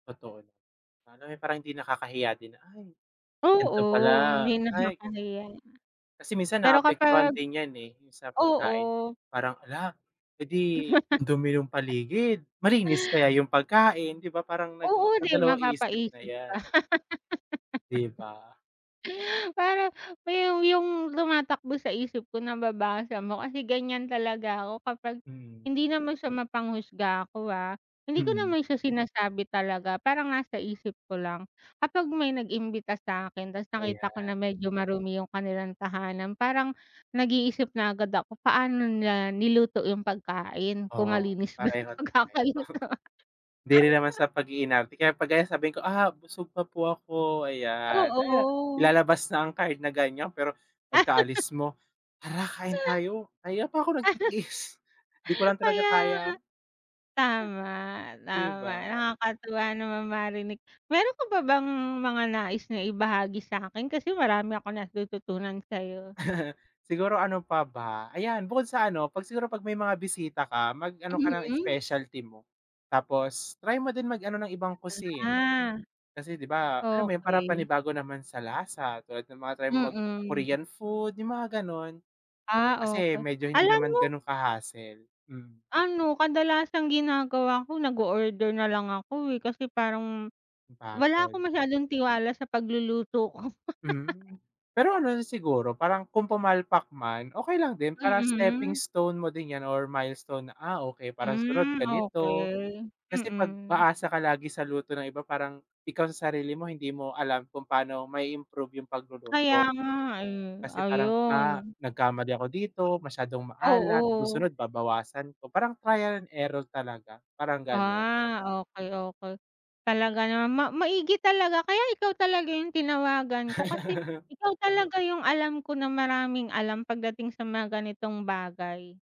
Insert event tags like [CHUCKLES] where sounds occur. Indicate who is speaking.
Speaker 1: Totoo. Ano, eh, parang hindi nakakahiya din na, "Ay, gan'to
Speaker 2: Oo,
Speaker 1: pala,
Speaker 2: may
Speaker 1: ay, gan"
Speaker 2: nakakahiya.
Speaker 1: Kasi minsan,
Speaker 2: Pero kapag
Speaker 1: naaapektuhan din yan, eh. Yung sa
Speaker 2: oo.
Speaker 1: pagkain parang, "Hala, eh di
Speaker 2: [LAUGHS]
Speaker 1: ang dumi ng paligid, malinis kaya yung pagkain? 'Di ba parang
Speaker 2: Oo, 'di ba
Speaker 1: nagdadalawang-isip,
Speaker 2: papaisip ka?
Speaker 1: ayan. 'Di ba?
Speaker 2: [LAUGHS] Parang yung yung tumatakbo sa isip ko, nababasa mo. Kasi ganyan talaga ako kapag
Speaker 1: Mm.
Speaker 2: hindi naman sa mapanghusga ako, ah. Hindi ko
Speaker 1: Mm.
Speaker 2: naman siya sinasabi talaga. Parang nasa isip ko lang. Kapag may nag-imbita sa'kin ta's nakita ko
Speaker 1: Ayan.
Speaker 2: na medyo marumi yung kanilang tahanan, parang nag-iisip na agad ako, paano nila niluto yung pagkain. Kung
Speaker 1: Oo,
Speaker 2: malinis ba yung
Speaker 1: pareho tayo.
Speaker 2: pagkakaluto?
Speaker 1: [CHUCKLES] 'Di rin naman
Speaker 2: [LAUGHS]
Speaker 1: sa pag-iinarte. Kaya 'pag ganyan sabihin ko, "Ah, busog pa po ako." Ayan. Ay,
Speaker 2: Oo.
Speaker 1: ilalabas na ang card na ganyan, pero
Speaker 2: [LAUGHS]
Speaker 1: pagkaalis mo, "Tara, kain tayo. Kanina pa ako nagtitiis, 'di ko
Speaker 2: [LAUGHS]
Speaker 1: lang talaga
Speaker 2: Kaya nga.
Speaker 1: kaya."
Speaker 2: Tama,
Speaker 1: 'Di
Speaker 2: tama.
Speaker 1: ba?
Speaker 2: Nakakatuwa namang marinig. Meron ka pa bang mga nais na ibahagi sa'kin? Kasi marami akong natututunan sa'yo.
Speaker 1: [LAUGHS] Siguro, ano pa ba? Ayan, bukod sa ano, 'pag siguro, 'pag may mga bisita ka, mag-ano ka ng
Speaker 2: Mm.
Speaker 1: specialty mo. Tapos try mo din mag ano ng ibang cuisine.
Speaker 2: Ah.
Speaker 1: Kasi 'di ba, alam mo yun, para
Speaker 2: Okey.
Speaker 1: panibago naman sa lasa tulad ng mga try mo
Speaker 2: Mm.
Speaker 1: mag-Korean food, yung mga gano'n.
Speaker 2: Ah,
Speaker 1: Kasi
Speaker 2: okey.
Speaker 1: medyo hindi
Speaker 2: Alam
Speaker 1: naman
Speaker 2: mo
Speaker 1: ganun ka-hassle. Mm.
Speaker 2: Ano, kadalasang ginagawa ko, nag-o-order nalang ako, eh. Kasi parang wala
Speaker 1: Napagod.
Speaker 2: akong masyadong tiwala sa pagluluto ko. [LAUGHS]
Speaker 1: Hmm. Pero ano rin siguro, parang kung pumpalpak man, okey lang din. Parang stepping
Speaker 2: Mm.
Speaker 1: stone mo din 'yan or milestone na, "Ah, okey. Para sa sunod,
Speaker 2: Mm,
Speaker 1: ganito."
Speaker 2: okey.
Speaker 1: Kasi 'pag
Speaker 2: Mm.
Speaker 1: aasa ka lagi sa luto ng iba parang ikaw sa sarili mo hindi mo alam kung pano mai-improve yung
Speaker 2: Kaya
Speaker 1: pagluluto.
Speaker 2: nga, eh.
Speaker 1: Kasi parang, "Ah,
Speaker 2: Ayun.
Speaker 1: nagkamali ako dito. Masyadong maalat. Sa
Speaker 2: Oo.
Speaker 1: susunod, babawasan ko." Parang trial and error talaga, parang ganun.
Speaker 2: Ah, okey, okey. Talaga naman. Ma maigi talaga. Kaya ikaw talaga yung tinawagan ko kasi
Speaker 1: [LAUGHS]
Speaker 2: ikaw talaga yung alam ko na maraming alam pagdating sa mga ganitong bagay.